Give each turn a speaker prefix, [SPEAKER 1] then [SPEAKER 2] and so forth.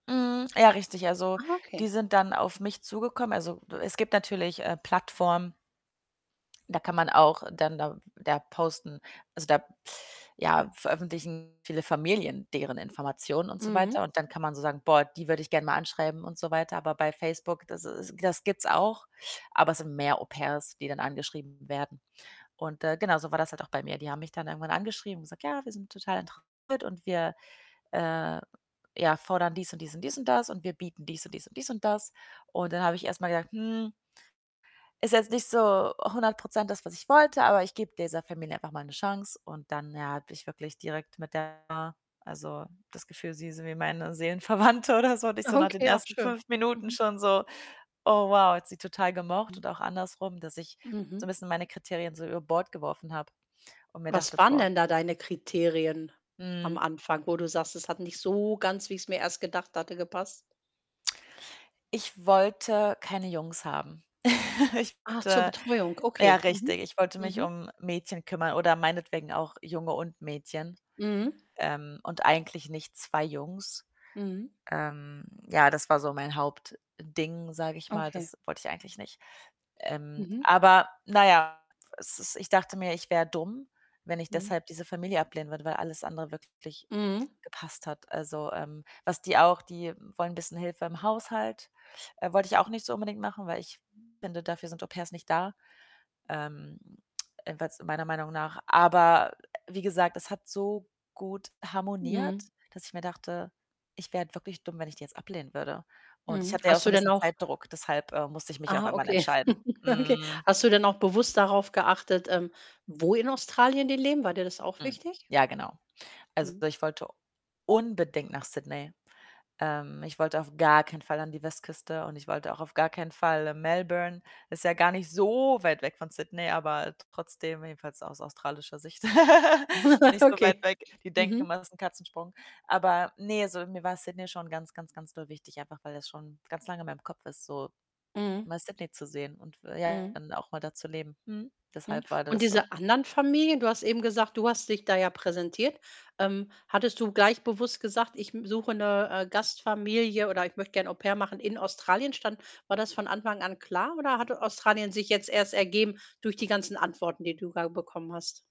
[SPEAKER 1] Mhm, ja richtig. Also,
[SPEAKER 2] Ah,
[SPEAKER 1] die
[SPEAKER 2] okay.
[SPEAKER 1] sind dann auf mich zugekommen. Also, es gibt natürlich, äh, Plattformen da kann man auch dann da da posten, also, da ja, veröffentlichen viele Familien deren Informationen und so
[SPEAKER 2] Mhm.
[SPEAKER 1] weiter und dann kann man so sagen: „Boah, die würde ich gern mal anschreiben“, und so weiter. Aber bei Facebook, das is das gibt's auch, aber es sind mehr Au-pairs, die dann angeschrieben werden. Und, äh, genau so war das halt auch bei mir. Die haben mich dann irgendwann angeschrieben und gesagt: „Ja, wir sind total interessiert und wir, äh, ja fordern dies und dies und dies und das und wir bieten dies und dies und dies und das.“ Und dann habe ich erst mal gedacht: „Hm“ „ist jetzt nicht so 100 % das, was ich wollte, aber ich gebe dieser Familie einfach mal 'ne Chance.“ Und dann, ja, hatte ich wirklich direkt mit der also, das Gefühl, sie ist wie meine Seelenverwandte oder so. Und ich so nach den
[SPEAKER 2] Okay, auch
[SPEAKER 1] ersten
[SPEAKER 2] schön.
[SPEAKER 1] 5 Minuten
[SPEAKER 2] Mhm.
[SPEAKER 1] schon so: „Oh wow, hat sie total gemocht“
[SPEAKER 2] Mhm.
[SPEAKER 1] und auch andersrum, dass ich so 'n
[SPEAKER 2] Mhm.
[SPEAKER 1] bisschen meine Kriterien so über Bord geworfen habe und mir
[SPEAKER 2] Was
[SPEAKER 1] dachte:
[SPEAKER 2] waren
[SPEAKER 1] „Boah“
[SPEAKER 2] denn da deine Kriterien am
[SPEAKER 1] Mhm.
[SPEAKER 2] Anfang, wo du sagst: „Es hat nicht so ganz, wie ich's mir erst gedacht hatte, gepasst“?
[SPEAKER 1] Ich wollte keine Jungs haben. Ich
[SPEAKER 2] Ach, zur
[SPEAKER 1] wollte
[SPEAKER 2] Betreuung,
[SPEAKER 1] äh, ja
[SPEAKER 2] okay. Mhm,
[SPEAKER 1] richtig, ich wollte mich
[SPEAKER 2] mhm.
[SPEAKER 1] um Mädchen kümmern oder meinetwegen auch Junge und Mädchen,
[SPEAKER 2] Mhm.
[SPEAKER 1] ähm, und eigentlich nicht 2 Jungs.
[SPEAKER 2] Mhm.
[SPEAKER 1] Ähm, ja, das war so mein Hauptding, sage ich mal,
[SPEAKER 2] Okay.
[SPEAKER 1] das wollte ich eigentlich nicht. Ähm,
[SPEAKER 2] Mhm.
[SPEAKER 1] aber na ja, pf es ist ich dachte mir, ich wäre dumm, wenn ich
[SPEAKER 2] Mhm.
[SPEAKER 1] deshalb diese Familie ablehnen würde, weil alles andere wirklich
[SPEAKER 2] Mhm.
[SPEAKER 1] gepasst hat. Also, ähm, was die auch die wollen bisschen Hilfe im Haushalt. Äh, wollte ich auch nicht so unbedingt machen, weil ich finde, dafür sind Au-pairs nicht da, ähm, jedenfalls meiner Meinung nach. Aber wie gesagt, das hat so gut harmoniert,
[SPEAKER 2] Mhm.
[SPEAKER 1] dass ich mir dachte: „Ich wäre halt wirklich dumm, wenn ich die jetzt ablehnen würde.“ Und ich
[SPEAKER 2] Mhm.
[SPEAKER 1] hatte ja auch
[SPEAKER 2] Hast
[SPEAKER 1] so
[SPEAKER 2] du
[SPEAKER 1] 'n
[SPEAKER 2] denn
[SPEAKER 1] bisschen
[SPEAKER 2] auch
[SPEAKER 1] Zeitdruck, deshalb, äh, musste ich mich auch
[SPEAKER 2] ah,
[SPEAKER 1] irgendwann
[SPEAKER 2] okay.
[SPEAKER 1] entscheiden,
[SPEAKER 2] Okay.
[SPEAKER 1] hm.
[SPEAKER 2] Hast du denn auch bewusst darauf geachtet, ähm, wo in Australien die leben? War dir das auch
[SPEAKER 1] Hm,
[SPEAKER 2] wichtig?
[SPEAKER 1] ja genau. Also,
[SPEAKER 2] Mhm.
[SPEAKER 1] ich wollte unbedingt nach Sydney. Ähm, ich wollte auf gar keinen Fall an die Westküste und ich wollte auch auf gar keinen Fall Melbourne. Ist ja gar nicht so weit weg von Sydney, aber trotzdem jedenfalls aus australischer Sicht, nicht so weit
[SPEAKER 2] Okay.
[SPEAKER 1] weg. Die denken
[SPEAKER 2] Mhm.
[SPEAKER 1] immer, das ist 'n Katzensprung. Aber ne, so mir war Sydney schon ganz, ganz, ganz doll wichtig, einfach weil das schon ganz lange in meinem Kopf ist, so
[SPEAKER 2] Mhm.
[SPEAKER 1] mal Sydney zu sehen und f ja
[SPEAKER 2] Mhm.
[SPEAKER 1] dann auch mal da zu leben. Mhm.
[SPEAKER 2] Mhm.
[SPEAKER 1] Deshalb war
[SPEAKER 2] Und
[SPEAKER 1] das so.
[SPEAKER 2] diese anderen Familien du hast eben gesagt, du hast dich da ja präsentiert. Ähm, hattest du gleich bewusst gesagt: „Ich, hm, suche 'ne, äh, Gastfamilie“, oder: „Ich möchte gern Au-pair machen in Australien“, stand war das von Anfang an klar oder hatte Australien sich jetzt erst ergeben durch die ganzen Antworten, die du da bekommen hast?